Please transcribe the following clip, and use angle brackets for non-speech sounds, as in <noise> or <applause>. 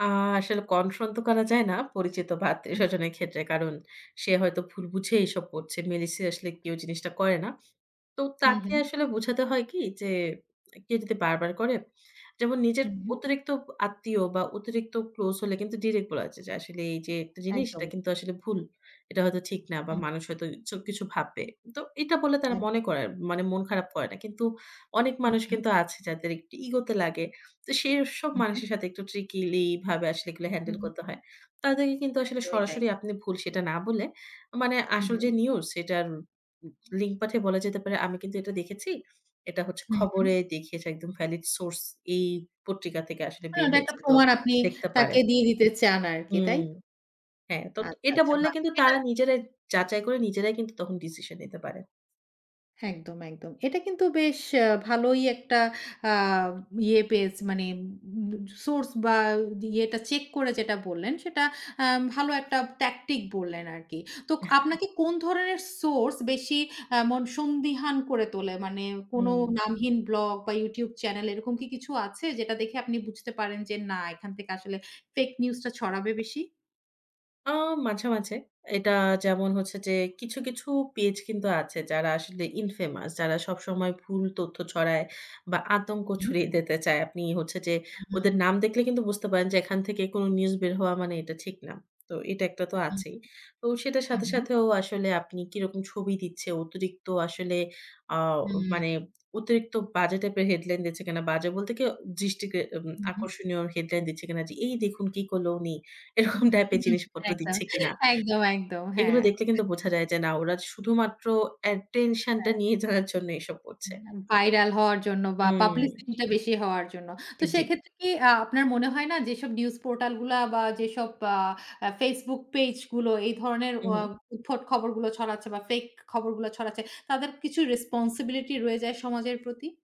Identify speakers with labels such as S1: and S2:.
S1: আ আসলে কনফ্রন্ট তো করা যায় না পরিচিত বা আত্মীয়
S2: হুম।
S1: স্বজনের ক্ষেত্রে। কারণ সে হয়তো ভুল বুঝে এসব করছে। মেইনলি সিরিয়াসলি কেউ জিনিসটা করে না। তো
S2: হুম,
S1: তাকে
S2: হুম।
S1: আসলে বুঝাতে হয় কি যে কেউ যদি বারবার করে যেমন নিজের
S2: হুম, হুম।
S1: অতিরিক্ত আত্মীয় বা অতিরিক্ত ক্লোজ হলে কিন্তু ডিরেক্ট বলা যায় যে আসলে এই যে একটা জিনিস
S2: একদম।
S1: এটা কিন্তু আসলে ভুল। এটা হয়তো ঠিক না বা
S2: হুম।
S1: মানুষ হয়তো এসব কিছু ভাববে। তো এটা বলে তারা মনে
S2: একদম।
S1: করে, মানে মন খারাপ করে না। কিন্তু অনেক
S2: হুম,
S1: মানুষ
S2: হুম।
S1: কিন্তু আছে যাদের একটু ইগো তে লাগে। তো সেই সব
S2: উহুম।
S1: মানুষের সাথে একটু ট্রিকিলি ভাবে আসলে এগুলো হ্যান্ডেল করতে হয়। তাদেরকে কিন্তু আসলে
S2: একদমই তাই।
S1: সরাসরি আপনি ভুল সেটা না বলে মানে
S2: হুম,
S1: আসল যে
S2: হুম।
S1: নিউজ সেটার লিঙ্ক পাঠিয়ে বলা যেতে পারে। আমি কিন্তু এটা দেখেছি। এটা হচ্ছে
S2: হুম,
S1: খবরে
S2: হুম।
S1: দেখিয়েছে একদম ভ্যালিড সোর্স এই পত্রিকা থেকে আসলে
S2: হ্যাঁ,
S1: বের
S2: এটা একটা
S1: হয়েছে। তো
S2: প্রমাণ আপনি
S1: দেখতে
S2: তাকে
S1: পারেন।
S2: দিয়ে দিতে চান আর কি তাই
S1: হুম,
S2: তো?
S1: হ্যাঁ তো
S2: আচ্ছা,
S1: এটা
S2: আচ্ছা,
S1: বললে
S2: বাহ!
S1: কিন্তু
S2: এটা।
S1: তারা নিজেরাই যাচাই করে নিজেরাই কিন্তু তখন ডিসিশন নিতে পারে।
S2: একদম, একদম। এটা কিন্তু বেশ ভালোই একটা আ ইয়ে পেজ মানে উম সোর্স বা ইয়েটা চেক করে যেটা বললেন সেটা আ ভালো একটা ট্যাকটিক বললেন আরকি। তো আপনাকে কোন ধরনের সোর্স বেশি আ এমন সন্দিহান করে তোলে মানে কোন
S1: হুম।
S2: নামহীন ব্লগ বা ইউটিউব চ্যানেল, এরকম কি কিছু আছে? যেটা দেখে আপনি বুঝতে পারেন যে না এখান থেকে আসলে ফেক নিউজটা ছড়াবে বেশি?
S1: ও মাঝে, মাঝে এটা যেমন হচ্ছে যে কিছু, কিছু পেজ কিন্তু আছে যারা আসলে ইনফেমাস যারা সবসময় ভুল তথ্য ছড়ায় বা আতঙ্ক
S2: উম।
S1: ছড়িয়ে দিতে চায়। আপনি হচ্ছে যে ওদের
S2: <unintelligible>
S1: নাম দেখলে কিন্তু বুঝতে পারেন যে এখান থেকে কোন নিউজ বের হওয়া মানে এটা ঠিক না। তো এটা একটা তো
S2: হুম।
S1: আছেই। তো সেটার সাথে
S2: উহুম।
S1: সাথেও আসলে আপনি কি রকম ছবি দিচ্ছে অতিরিক্ত আসলে আ
S2: হুম।
S1: মানে অতিরিক্ত বাজে টাইপের হেডলাইন দিচ্ছে কিনা? বাজে বলতে কি দৃষ্টি কে উম
S2: উহুম।
S1: আকর্ষণীয় হেডলাইন দিচ্ছে কিনা যে এই দেখুন কি করলো উনি এরকম টাইপের জিনিসপত্র
S2: একদম,
S1: দিচ্ছে কিনা।
S2: একদম, একদম
S1: এগুলো
S2: হ্যাঁ।
S1: দেখলে কিন্তু বোঝা যায় যে না ওরা শুধুমাত্র অ্যাটেনশন টা
S2: হ্যাঁ।
S1: নিয়ে যাওয়ার জন্য এসব করছে।
S2: হুম ভাইরাল হওয়ার জন্য বা
S1: উম।
S2: পাবলিসিটিটা বেশি হওয়ার জন্য। তো
S1: জি।
S2: সেক্ষেত্রে কি আ আপনার মনে হয় না যেসব নিউজ পোর্টালগুলা বা যেসব আ ফেসবুক পেজগুলো এই ধরনের আ
S1: উহুম।
S2: উদ্ভট খবরগুলো ছড়াচ্ছে বা ফেক খবরগুলা ছড়াচ্ছে তাদের কিছু রেসপনসিবিলিটি রয়ে যায় সমাজের প্রতি?